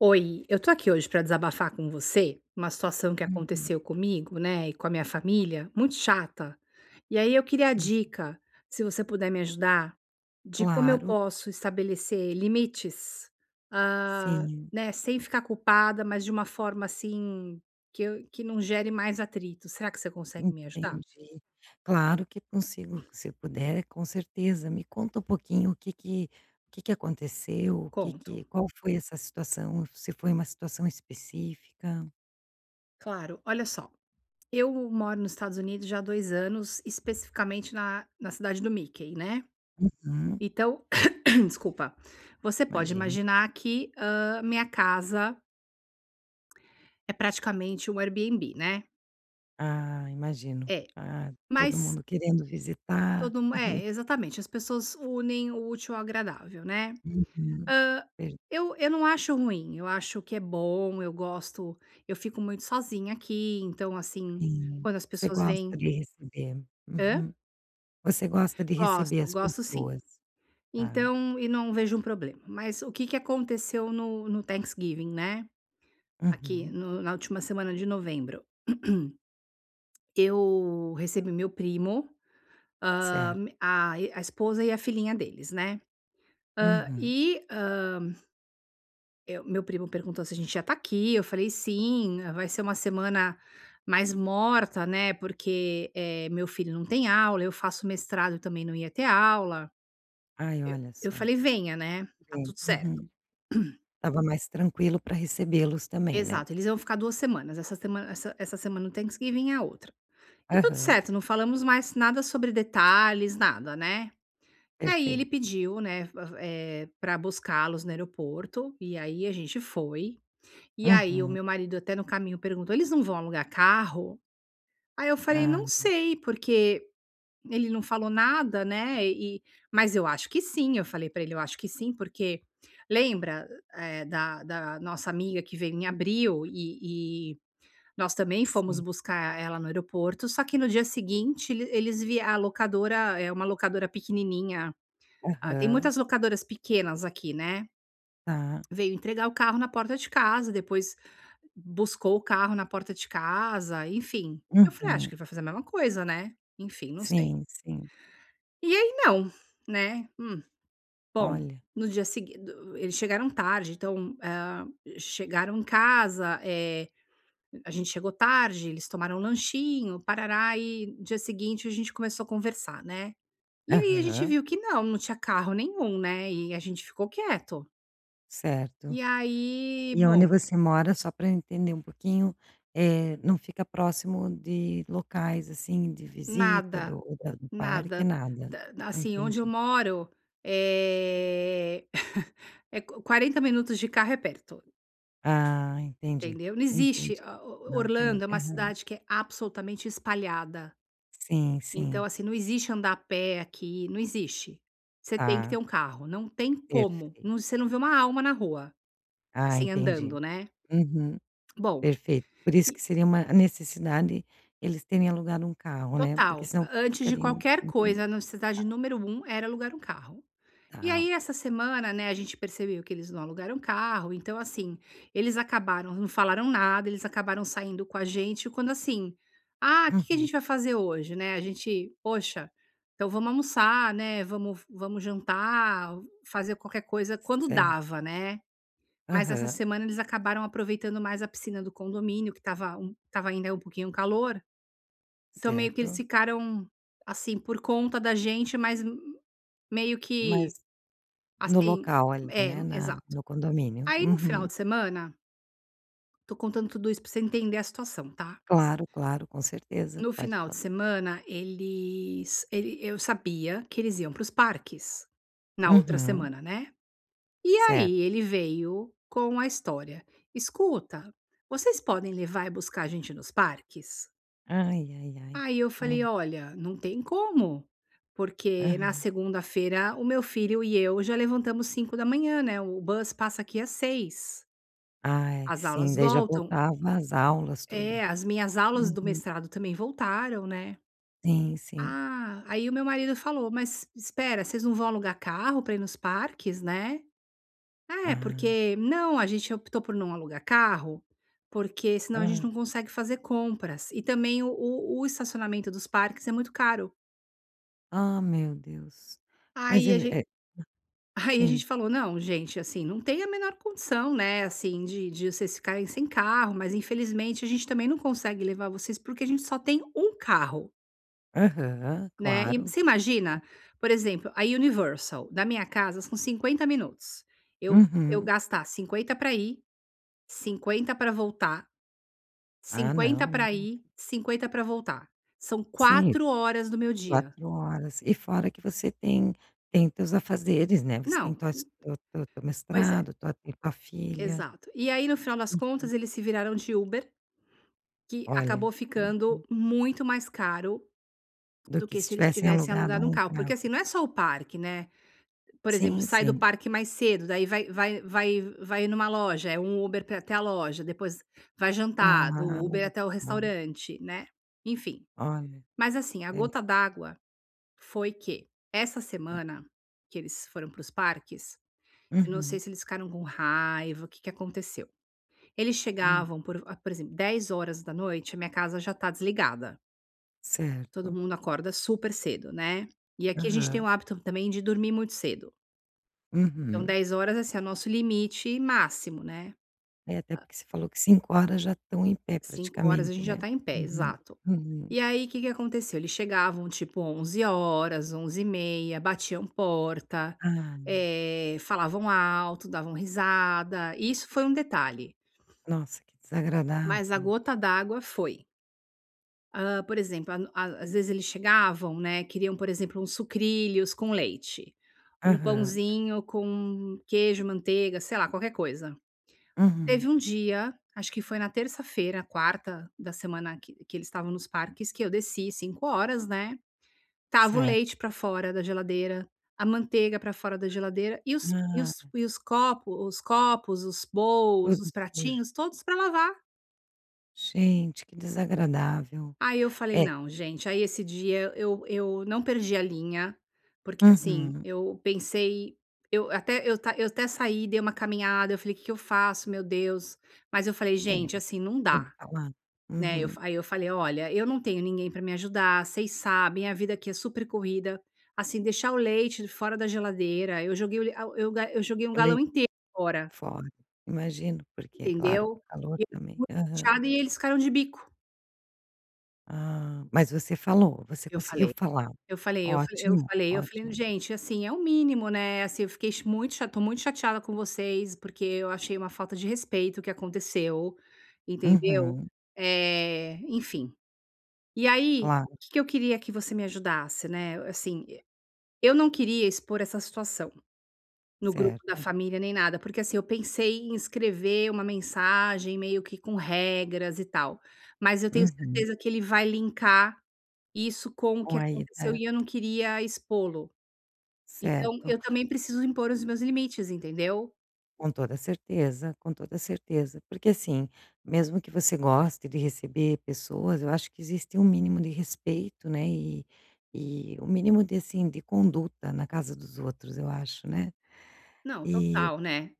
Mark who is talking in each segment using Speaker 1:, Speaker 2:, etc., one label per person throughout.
Speaker 1: Oi, eu estou aqui hoje pra desabafar com você uma situação que
Speaker 2: Uhum.
Speaker 1: aconteceu comigo, né, e com a minha família muito chata. E aí eu queria
Speaker 2: Sim.
Speaker 1: dica, se você puder me ajudar, de como eu
Speaker 2: Claro.
Speaker 1: posso estabelecer limites, ah,
Speaker 2: Sim.
Speaker 1: né, sem ficar culpada mas de uma forma, assim, que eu que não gere mais atrito, será que você consegue me ajudar?
Speaker 2: Entendi. Claro que consigo, se puder com certeza, me conta um pouquinho o que que o que que aconteceu? O que
Speaker 1: Conto.
Speaker 2: que qual foi essa situação, se foi uma situação específica?
Speaker 1: Claro, olha só, eu moro nos Estados Unidos já há 2 anos especificamente na na cidade do Mickey, né.
Speaker 2: Uhum.
Speaker 1: Então, desculpa, você pode
Speaker 2: Imagino.
Speaker 1: imaginar que, hã, minha casa é praticamente um Airbnb, né.
Speaker 2: Ah imagino,
Speaker 1: É.
Speaker 2: ah, todo
Speaker 1: Mas
Speaker 2: mundo querendo visitar.
Speaker 1: todo mundo é exatamente as pessoas unem o útil ao agradável, né.
Speaker 2: Uhum.
Speaker 1: Hã,
Speaker 2: Ver
Speaker 1: eu eu não acho ruim, eu acho que é bom, eu gosto, eu fico muito sozinha aqui então, assim,
Speaker 2: Sim.
Speaker 1: quando as
Speaker 2: Você
Speaker 1: pessoas veem
Speaker 2: gosta de receber,
Speaker 1: Hã?
Speaker 2: uhum, você gosta de receber
Speaker 1: Gosto,
Speaker 2: as
Speaker 1: gosto sim.
Speaker 2: pessoas, tá.
Speaker 1: Então, e não vejo problema, mas o que que aconteceu no no Thanksgiving, né. Aqui
Speaker 2: Uhum.
Speaker 1: no na última semana de novembro. Eu recebi meu primo, hã,
Speaker 2: Certo.
Speaker 1: a me a esposa e a filhinha deles, né. Hã,
Speaker 2: Uhum.
Speaker 1: e hã Eh, meu primo perguntou se a gente ia está aqui, eu falei sim vai ser uma semana mais morta, né, porque, eh, meu filho não tem aula, eu faço mestrado e também não ia ter aula.
Speaker 2: Ai olha
Speaker 1: Eu eu
Speaker 2: só.
Speaker 1: falei venha, né, tá
Speaker 2: Sim
Speaker 1: tudo certo.
Speaker 2: uhum. Estava mais tranquilo pra recebê-los também, né?
Speaker 1: Exato eles iam ficar 2 semanas, essa semana essa essa semana do Thanksgiving e a outra. E tudo
Speaker 2: Aham.
Speaker 1: certo não falamos mais nada sobre detalhes nada, né. E aí ele
Speaker 2: Perfeito.
Speaker 1: pediu, né, eh, pra buscá-los no aeroporto e aí a gente foi, e aí o
Speaker 2: Uhum.
Speaker 1: meu marido até no caminho perguntou: "Eles não vão alugar carro?" Aí eu falei:
Speaker 2: Ah
Speaker 1: "Não
Speaker 2: tá.
Speaker 1: sei porque ele não falou nada, né, eh eh, mas eu acho que sim", eu falei pra ele, "Eu acho que sim porque, lembra, eh, da da nossa amiga que veio em abril e e nós também fomos
Speaker 2: Sim.
Speaker 1: buscar ela no aeroporto só que no dia seguinte ele eles vi a locadora é uma locadora pequenininha, ah, tem
Speaker 2: Aham.
Speaker 1: muitas locadoras pequenas aqui né."
Speaker 2: Tá.
Speaker 1: Veio entregar o carro na porta de casa, depois buscou o carro na porta de casa, enfim. Eu falei: "Acho
Speaker 2: Uhum.
Speaker 1: que vai fazer a mesma coisa, né." Enfim não sei.
Speaker 2: Sim sim.
Speaker 1: E aí não, né. Hum. Bom,
Speaker 2: Olha.
Speaker 1: no dia segui do eles chegaram tarde então, hã, chegaram em casa, eh, a gente chegou tarde, eles tomaram lanchinho, parará e no dia seguinte a gente começou a conversar, né. E aí a gente
Speaker 2: Aham.
Speaker 1: viu que não, não tinha carro nenhum, né, e a gente ficou quieto.
Speaker 2: Certo.
Speaker 1: E aí
Speaker 2: E aonde
Speaker 1: bom.
Speaker 2: você mora só pra entender um pouquinho, eh, não fica próximo de locais, assim, de visita do
Speaker 1: Nada,
Speaker 2: ou da do parque
Speaker 1: nada.
Speaker 2: nada,
Speaker 1: Da d
Speaker 2: ah,
Speaker 1: assim, onde eu
Speaker 2: entendi.
Speaker 1: moro, é, é 40 minutos de carro é perto.
Speaker 2: Ah, entendi,
Speaker 1: Entendeu? Não existe,
Speaker 2: entendi,
Speaker 1: a o
Speaker 2: não tem.
Speaker 1: Orlando é uma
Speaker 2: Aham.
Speaker 1: cidade que é absolutamente espalhada.
Speaker 2: Sim
Speaker 1: Então
Speaker 2: sim.
Speaker 1: assim, não existe andar a pé aqui, não existe. Você tem que ter
Speaker 2: Tá.
Speaker 1: um carro, não tem como.
Speaker 2: Perfeito.
Speaker 1: Não você não vê uma alma na rua,
Speaker 2: Ah,
Speaker 1: assim,
Speaker 2: entendi,
Speaker 1: andando, né.
Speaker 2: uhum,
Speaker 1: Bom,
Speaker 2: perfeito. Por isso
Speaker 1: e
Speaker 2: que seria uma necessidade eles terem alugado um carro, né, porque
Speaker 1: Total,
Speaker 2: senão
Speaker 1: a antes de
Speaker 2: ficariam.
Speaker 1: qualquer
Speaker 2: Uhum.
Speaker 1: coisa a necessidade número 1 era um alugar carro. E
Speaker 2: Tá.
Speaker 1: aí essa semana, né, a gente percebeu que eles não alugaram um carro então, assim, eles acabaram não falaram nada, eles acabaram saindo com a gente e quando, assim: "Ah que que a
Speaker 2: Uhum.
Speaker 1: gente vai fazer hoje." Né, a gente: "Poxa, então vamos almoçar, né, vamos vamos jantar, fazer qualquer coisa quando
Speaker 2: Certo.
Speaker 1: dava, né." Mas essa
Speaker 2: Aham.
Speaker 1: semana eles acabaram aproveitando mais a piscina do condomínio que estava estava ainda um pouquinho calor, então meio que eles
Speaker 2: Certo.
Speaker 1: ficaram, assim, por conta da gente mas meio
Speaker 2: Mas,
Speaker 1: que,
Speaker 2: no
Speaker 1: assim
Speaker 2: local ali,
Speaker 1: é
Speaker 2: né, na
Speaker 1: exato.
Speaker 2: no condomínio?
Speaker 1: Aí no final
Speaker 2: Uhum.
Speaker 1: de semana. Estou contando tudo isso para você entender a situação, tá?
Speaker 2: Claro claro com certeza,
Speaker 1: No
Speaker 2: pode
Speaker 1: final de
Speaker 2: cont
Speaker 1: semana eles ele eu sabia que eles iam para os parques, na outra
Speaker 2: Uhum.
Speaker 1: semana, né. E
Speaker 2: Certo.
Speaker 1: aí ele veio com a história: "Escuta, vocês podem levar e buscar a gente nos parques?"
Speaker 2: Ai ai ai,
Speaker 1: Aí eu falei:
Speaker 2: hã?
Speaker 1: "Olha, não tem como. Porque na
Speaker 2: Aham.
Speaker 1: segunda-feira o meu filho e eu já levantamos 05:00, né, o bus passa aqui às 06:00.
Speaker 2: Ai
Speaker 1: As
Speaker 2: sim,
Speaker 1: aulas
Speaker 2: daí já
Speaker 1: voltam.
Speaker 2: voltava as aulas tudo.
Speaker 1: É as minhas aulas do
Speaker 2: Uhum.
Speaker 1: mestrado também voltaram, né.
Speaker 2: Sim sim.
Speaker 1: Ah, aí o meu marido falou: "Mas espera vocês não vão alugar carro pra ir nos parques, né." "É
Speaker 2: Ah.
Speaker 1: porque não a gente optou por não alugar carro, porque senão a gente
Speaker 2: Aham.
Speaker 1: não consegue fazer compras e também o o o estacionamento dos parques é muito caro."
Speaker 2: Ah, meu Deus! Mas
Speaker 1: Aí a
Speaker 2: ele,
Speaker 1: ge
Speaker 2: é
Speaker 1: aí a
Speaker 2: Sim.
Speaker 1: gente falou: "Não, gente, assim, não tem a menor condição, né, assim, de de vocês ficarem sem carro, mas infelizmente a gente também não consegue levar vocês, porque a gente só tem um carro".
Speaker 2: Aham,
Speaker 1: Né. E,
Speaker 2: claro.
Speaker 1: você imagina? Por exemplo, a Universal, da minha casa são 50 minutos. Eu eu
Speaker 2: Uhum.
Speaker 1: gastar 50 pra ir, 50 pra voltar,
Speaker 2: Ah
Speaker 1: 50
Speaker 2: não,
Speaker 1: pra
Speaker 2: não.
Speaker 1: ir, 50 pra voltar. São
Speaker 2: Sim.
Speaker 1: 4 horas do meu dia.
Speaker 2: 4 horas. E fora que você tem tem teus afazeres, né, você tem
Speaker 1: Não
Speaker 2: tuas tu tu teu
Speaker 1: Pois é.
Speaker 2: mestrado, tu tua filha.
Speaker 1: Exato. E aí no final das
Speaker 2: Uhum.
Speaker 1: contas eles se viraram de Uber, que
Speaker 2: Olha.
Speaker 1: acabou ficando
Speaker 2: Uhum.
Speaker 1: muito mais caro
Speaker 2: Do
Speaker 1: do
Speaker 2: que
Speaker 1: que
Speaker 2: se
Speaker 1: se eles
Speaker 2: tivessem
Speaker 1: tivessem
Speaker 2: alugado
Speaker 1: alugado um
Speaker 2: um
Speaker 1: carro. Porque
Speaker 2: carro.
Speaker 1: assim, não é só o parque, né. Por exemplo,
Speaker 2: Sim,
Speaker 1: sai do
Speaker 2: sim.
Speaker 1: parque mais cedo, daí vai vai vai vai numa loja, é um Uber para ir até a loja, depois vai jantar, do Uber
Speaker 2: Claro.
Speaker 1: até o
Speaker 2: Claro.
Speaker 1: restaurante, né, enfim.
Speaker 2: Olha.
Speaker 1: Mas assim, a
Speaker 2: É.
Speaker 1: gota d'água foi que, essa semana, que eles foram para os parques, eu não sei
Speaker 2: Uhum.
Speaker 1: se eles ficaram com raiva, o que que aconteceu. Eles
Speaker 2: Hum.
Speaker 1: chegavam por por exemplo, 22h a minha casa já tá desligada todo
Speaker 2: Certo.
Speaker 1: mundo acorda super cedo, né. E aqui a gente tem o
Speaker 2: Aham.
Speaker 1: hábito, também, de dormir muito cedo. Então
Speaker 2: Uhum.
Speaker 1: 22h, assim, é o nosso limite máximo, né.
Speaker 2: É, até
Speaker 1: Ah
Speaker 2: porque você falou que 5h já estão em pé,
Speaker 1: 5h a
Speaker 2: praticamente,
Speaker 1: gente já
Speaker 2: né.
Speaker 1: está em pé,
Speaker 2: Uhum,
Speaker 1: exato.
Speaker 2: uhum.
Speaker 1: E aí, que que aconteceu? Eles chegavam, tipo 23h, 23h30, batiam porta.
Speaker 2: Ah.
Speaker 1: Eh, falavam alto, davam risada. Isso foi um detalhe.
Speaker 2: Nossa, que
Speaker 1: Mas a
Speaker 2: desagradável.
Speaker 1: gota d'água foi Ah, por exemplo, a a às vezes eles chegavam, né, queriam por exemplo um sucrilhos com leite, um
Speaker 2: Aham.
Speaker 1: pãozinho com queijo, manteiga sei lá, qualquer coisa.
Speaker 2: Uhum.
Speaker 1: Teve um dia, acho que foi na terça-feira, quarta da semana que que eles estavam nos parques que eu desci 5 horas, né, estava o
Speaker 2: Certo.
Speaker 1: leite pra fora da geladeira, a manteiga pra fora da geladeira e os e os
Speaker 2: Ah!
Speaker 1: e os copo os copos, os
Speaker 2: Tudo
Speaker 1: bolws, os
Speaker 2: sujo.
Speaker 1: pratinhos, todos pra lavar.
Speaker 2: Gente, que desagradável.
Speaker 1: Aí eu falei,
Speaker 2: É
Speaker 1: "Não, gente" aí esse dia eu eu não perdi a linha, porque assim
Speaker 2: Uhum.
Speaker 1: eu pensei eu até eu eu até saí, dei uma caminhada eu falei que que eu faço meu Deus, mas eu falei
Speaker 2: É,
Speaker 1: gente assim não
Speaker 2: tem que
Speaker 1: dá,
Speaker 2: falar,
Speaker 1: né, eu
Speaker 2: uhum.
Speaker 1: fa aí eu falei, "Olha, eu não tenho ninguém pra me ajudar, vocês sabem, a vida aqui é super corrida, assim deixar o leite fora da geladeira, eu joguei o le ao" eu eu joguei um
Speaker 2: O
Speaker 1: galão
Speaker 2: lei
Speaker 1: inteiro fora.
Speaker 2: fora, Imagino porque claro com
Speaker 1: Entendeu?
Speaker 2: o calor também,
Speaker 1: [unintelligible]
Speaker 2: aham.
Speaker 1: e eles ficaram de bico.
Speaker 2: Ah, mas você falou, você
Speaker 1: Eu
Speaker 2: conseguiu
Speaker 1: falei
Speaker 2: falar?
Speaker 1: eu falei eu eu
Speaker 2: Ótimo,
Speaker 1: falei eu falei,
Speaker 2: ótimo.
Speaker 1: "Gente assim é o mínimo, né, assim eu fiquei cha muito tô muito chateada com vocês porque eu achei uma falta de respeito o que aconteceu, entendeu?"
Speaker 2: Uhum.
Speaker 1: Eh, enfim. E aí, o
Speaker 2: Claro.
Speaker 1: que que eu queria que você me ajudasse, né, assim, eu não queria expor essa situação no grupo da
Speaker 2: Certo.
Speaker 1: família nem nada porque, assim, eu pensei em escrever uma mensagem meio que com regras, e tal. Mas eu tenho
Speaker 2: Uhum.
Speaker 1: certeza que ele vai linkar isso com o
Speaker 2: Com
Speaker 1: que
Speaker 2: a
Speaker 1: aconteceu
Speaker 2: ida
Speaker 1: e eu não queria expô-lo. Então
Speaker 2: Certo.
Speaker 1: eu também preciso impor os meus limites, entendeu?
Speaker 2: Com toda certeza, com toda certeza. Porque assim, mesmo que você goste de receber pessoas, eu acho que existe um mínimo de respeito, né, e e o mínimo de, assim, de conduta na casa dos outros eu acho, né.
Speaker 1: Não,
Speaker 2: E o
Speaker 1: total, né?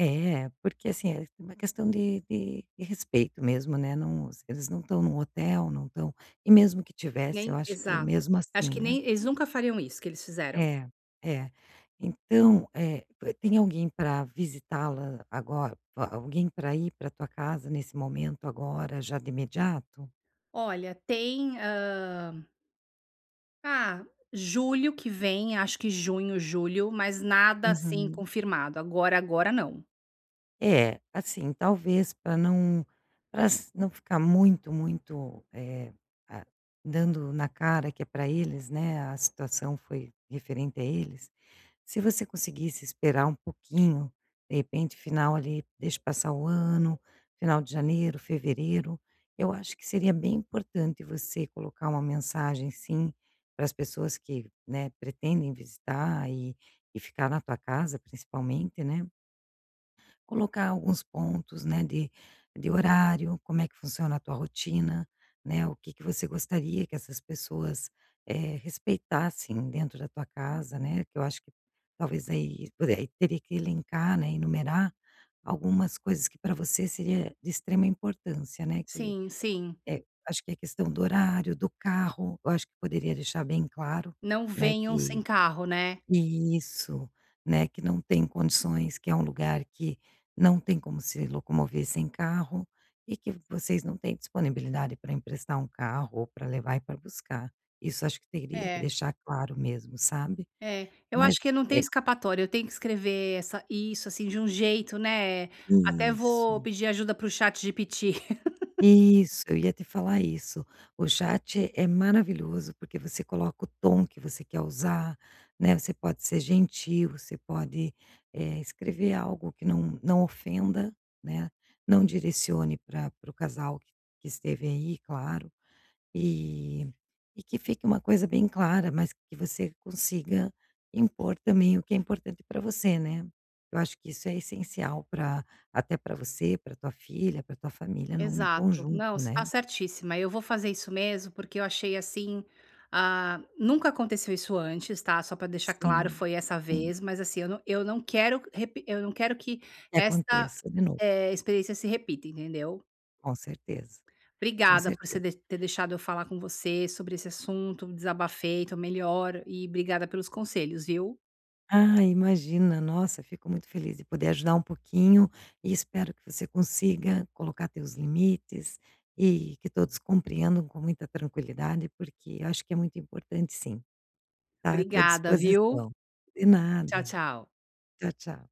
Speaker 2: é, porque assim, é uma questão de de de respeito mesmo, né, não os eles não estão num hotel, não estão e mesmo que estivesse, eu
Speaker 1: Nem
Speaker 2: acho que
Speaker 1: exato.
Speaker 2: mesmo
Speaker 1: Acho
Speaker 2: assim,
Speaker 1: que
Speaker 2: né.
Speaker 1: nem eles nunca fariam isso, que eles fizeram.
Speaker 2: É, é. Então, é p tem alguém pra visitá-la agor alguém pra ir pra tua casa nesse momento agora, já de imediato?
Speaker 1: Olha, tem, hã ah, julho que vem. Acho que junho, julho, mas nada, assim,
Speaker 2: Uhum.
Speaker 1: confirmado. Agora, agora, não.
Speaker 2: É. Assim, talvez pra não pra ass não ficar muito muito, eh, ah dando na cara que é pra eles, né, a situação foi referente a eles, se você conseguisse esperar um pouquinho. De repente final, ali deixa passar o ano, final de janeiro, fevereiro. Eu acho que seria bem importante você colocar uma mensagem sim, para as pessoas que, né, pretendem visitar e e ficar na tua casa principalmente, né colocar alguns pontos, né, de de horário, como é que funciona a tua rotina, né, o que que você gostaria que essas pessoas, eh, respeitassem dentro da tua casa, né, que eu acho que talvez aí pois é, aí teria que elencar, né, enumerar algumas coisas que pra você seria de extrema importância, né, que
Speaker 1: Sim, sim.
Speaker 2: é, acho que é a questão do horário, do carro, eu acho que poderia deixar bem claro,
Speaker 1: Não
Speaker 2: né,
Speaker 1: venham
Speaker 2: que
Speaker 1: sem carro, né?
Speaker 2: Isso, né, que não tem condições, que é um lugar que não tem como se locomover sem carro, e que vocês não têm disponibilidade pra emprestar um carro, ou pra levar e pra buscar. Isso acho que teria que
Speaker 1: É.
Speaker 2: deixar claro mesmo, sabe?
Speaker 1: É. Eu
Speaker 2: Mas,
Speaker 1: acho que eu não tenho
Speaker 2: é
Speaker 1: escapatória, eu tenho que escrever essa isso, assim, de jeito, né? Até vou
Speaker 2: Isso.
Speaker 1: pedir ajuda para o ChatGPT.
Speaker 2: Isso, eu ia te falar isso. O chat é maravilhoso, porque você coloca o tom que você quer usar, né. Você pode ser gentil, você pode, eh, escrever algo que não não ofenda, né. Não direcione pra para o casal q que esteve aí claro. E e que fique uma coisa bem clara, mas que você consiga impor também o que é importante pra você, né. Eu acho que isso é essencial pra até pra você, pra tua filha, pra tua família num
Speaker 1: Exato.
Speaker 2: conjunto,
Speaker 1: Não, você tá
Speaker 2: né.
Speaker 1: certíssima. Eu vou fazer isso mesmo, porque eu achei, assim, ah nunca aconteceu isso antes, tá? Só para deixar claro,
Speaker 2: Sim.
Speaker 1: foi essa
Speaker 2: Sim.
Speaker 1: vez. Mas assim, eu eu não quero repi eu não quero que
Speaker 2: Que
Speaker 1: esta,
Speaker 2: aconteça de novo.
Speaker 1: eh, experiência se repita, entendeu?
Speaker 2: Com certeza. Com
Speaker 1: Obrigada por você
Speaker 2: certeza.
Speaker 1: de ter deixado eu falar com você, sobre esse assunto. Desabafei, tô melhor. E obrigada pelos conselhos, viu.
Speaker 2: Ah, imagina. Nossa, fico muito feliz de poder ajudar um pouquinho e espero que você consiga colocar teus limites, e que todos compreendam com muita tranquilidade, porque acho que é muito importante sim. Tá, eu tô à
Speaker 1: Obrigada, viu.
Speaker 2: disposição. De
Speaker 1: Tchau,
Speaker 2: nada.
Speaker 1: tchau.
Speaker 2: Tchau, tchau.